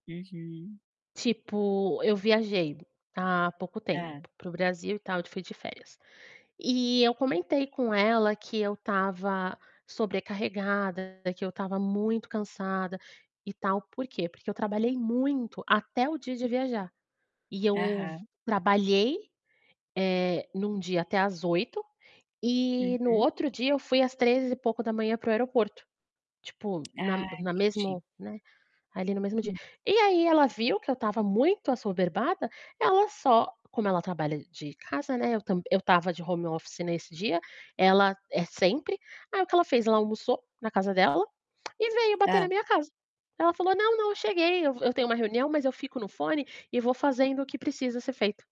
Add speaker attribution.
Speaker 1: Uhum.
Speaker 2: Tipo, eu viajei há pouco tempo
Speaker 1: Hã.
Speaker 2: para o Brasil e tal, fui de férias. E eu comentei com ela que eu estava sobrecarregada, que eu estava muito cansada, e tal. Por quê? Porque eu trabalhei muito até o dia de viajar. E eu
Speaker 1: Aham.
Speaker 2: trabalhei, eh, em um dia até às 20h, e no
Speaker 1: Uhum.
Speaker 2: outro dia eu fui às 3 e pouco da manhã para o aeroporto. Tipo, na
Speaker 1: Ah,
Speaker 2: na
Speaker 1: entendi.
Speaker 2: mesmo né, ali no mesmo dia.
Speaker 1: Hum.
Speaker 2: E aí ela viu que eu estava muito assoberbada, ela só como ela trabalha de casa, né, eu tam eu estava de home office nesse dia, ela é sempre. Aí o que ela fez? Ela almoçou na casa dela, e veio bater na
Speaker 1: Hã.
Speaker 2: minha casa. Ela falou: "Não, não, eu cheguei. Eu eu tenho uma reunião, mas eu fico no fone e vou fazendo o que precisa ser feito".